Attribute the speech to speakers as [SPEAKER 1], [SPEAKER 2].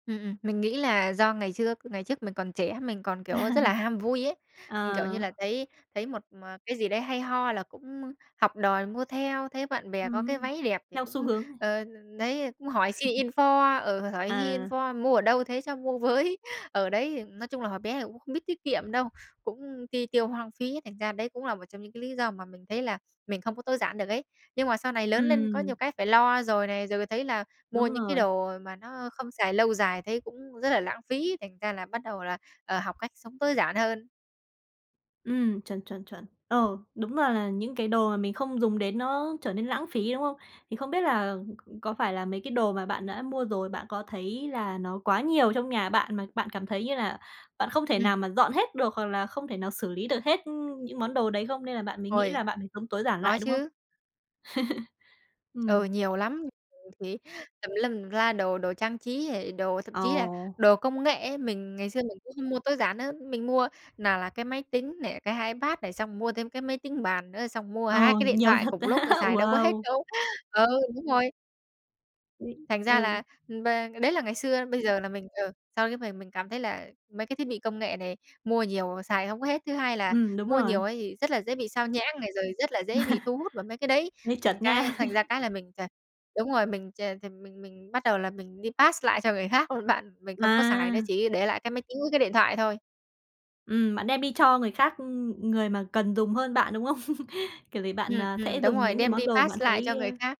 [SPEAKER 1] Ừm, ừm, mình nghĩ là do ngày trước ngày trước mình còn trẻ, mình còn,
[SPEAKER 2] À,
[SPEAKER 1] kiểu, rất là ham vui ấy. Ừm, kiểu như
[SPEAKER 2] ờ.
[SPEAKER 1] là, thấy thấy một mà cái gì đấy hay ho là cũng học đòi mua theo, thấy bạn bè có cái
[SPEAKER 2] Ừm,
[SPEAKER 1] váy đẹp thì
[SPEAKER 2] theo xu
[SPEAKER 1] cũng,
[SPEAKER 2] hướng này.
[SPEAKER 1] ờ, đ đấy, cũng hỏi xin info, ừ, hỏi hy
[SPEAKER 2] À.
[SPEAKER 1] info: "Mua ở đâu thế, cho mua với" Ờ, đấy, ừm, nói chung là hồi bé thì cũng không biết tiết kiệm đâu, cũng ti tiêu hoang phí, thành ra đấy cũng là một trong những cái lý do mà mình thấy là mình không có tối giản được ấy. Nhưng mà sau này lớn lên có nhiều
[SPEAKER 2] Ừm.
[SPEAKER 1] cái phải lo rồi này, rồi thấy là mua
[SPEAKER 2] Đúng
[SPEAKER 1] những cái
[SPEAKER 2] rồi.
[SPEAKER 1] đồ mà nó không xài lâu dài thấy cũng rất là lãng phí, thành ra là bắt đầu là, ờ, học cách sống tối giản hơn.
[SPEAKER 2] Ừm, chuẩn, chuẩn, chuẩn. Ờ, đúng là là những cái đồ mà mình không dùng đến nó trở nên lãng phí, đúng không? Thì không biết là c có phải là mấy cái đồ mà bạn đã mua rồi, bạn có thấy là nó quá nhiều trong nhà bạn mà bạn cảm thấy như là bạn không thể
[SPEAKER 1] Ừm.
[SPEAKER 2] nào mà dọn hết được hoặc là không thể nào xử lý được hết, ư, những món đồ đấy không, nên là bạn mới nghĩ
[SPEAKER 1] Ôi.
[SPEAKER 2] là bạn phải sống tối giản
[SPEAKER 1] Có
[SPEAKER 2] lại, đúng không?
[SPEAKER 1] chứ. Ừ,
[SPEAKER 2] Ừm.
[SPEAKER 1] nhiều lắm, [unintelligible] thì tùm lum tùm la đồ, đồ trang trí hề đồ, thậm
[SPEAKER 2] Ờ.
[SPEAKER 1] chí là đồ công nghệ ấy, mình ngày xưa mình cũng không mua tối giản nữa, mình mua nào là cái máy tính này, cái iPad này, xong mua thêm cái máy tính bàn nữa, xong mua 2
[SPEAKER 2] Ờ,
[SPEAKER 1] cái điện
[SPEAKER 2] nhiều
[SPEAKER 1] thoại
[SPEAKER 2] thật
[SPEAKER 1] cùng
[SPEAKER 2] á!
[SPEAKER 1] lúc, ơ, xài đâu có hết
[SPEAKER 2] Wow!
[SPEAKER 1] đâu. Ờ, đúng rồi.
[SPEAKER 2] [unintelligible]
[SPEAKER 1] Thành ra là
[SPEAKER 2] Ừ.
[SPEAKER 1] và đấy là ngày xưa, bây giờ là mình ờ, sau cái mời mình cảm thấy là mấy cái thiết bị công nghệ này mua nhiều xài hông có hết. Thứ hai là
[SPEAKER 2] Ừm, đúng
[SPEAKER 1] mua nhiều
[SPEAKER 2] rồi.
[SPEAKER 1] ấy thì rất là dễ bị xao nhãng này rồi rất là dễ bị thu hút vào mấy cái đấy.
[SPEAKER 2] Hơi
[SPEAKER 1] Thành
[SPEAKER 2] chật
[SPEAKER 1] cái
[SPEAKER 2] nha!
[SPEAKER 1] thành ra cái là mình ch đúng rồi, mình ch thì mình mình bắt đầu là mình đi pass lại cho người khác luôn bạn, mình không có xài nó,
[SPEAKER 2] À!
[SPEAKER 1] chỉ để lại cái máy tính với cái điện thoại thôi.
[SPEAKER 2] Ừm, bạn đem đi cho người khác, ư, ừ, người mà cần dùng hơn bạn, đúng không? Kiểu gì bạn,
[SPEAKER 1] Ừm,
[SPEAKER 2] à,
[SPEAKER 1] ừm,
[SPEAKER 2] sẽ
[SPEAKER 1] đúng
[SPEAKER 2] dùng
[SPEAKER 1] rồi,
[SPEAKER 2] những cái
[SPEAKER 1] đem
[SPEAKER 2] món
[SPEAKER 1] đi
[SPEAKER 2] đồ bạn
[SPEAKER 1] pass lại
[SPEAKER 2] thấy
[SPEAKER 1] cho người
[SPEAKER 2] ơ
[SPEAKER 1] khác.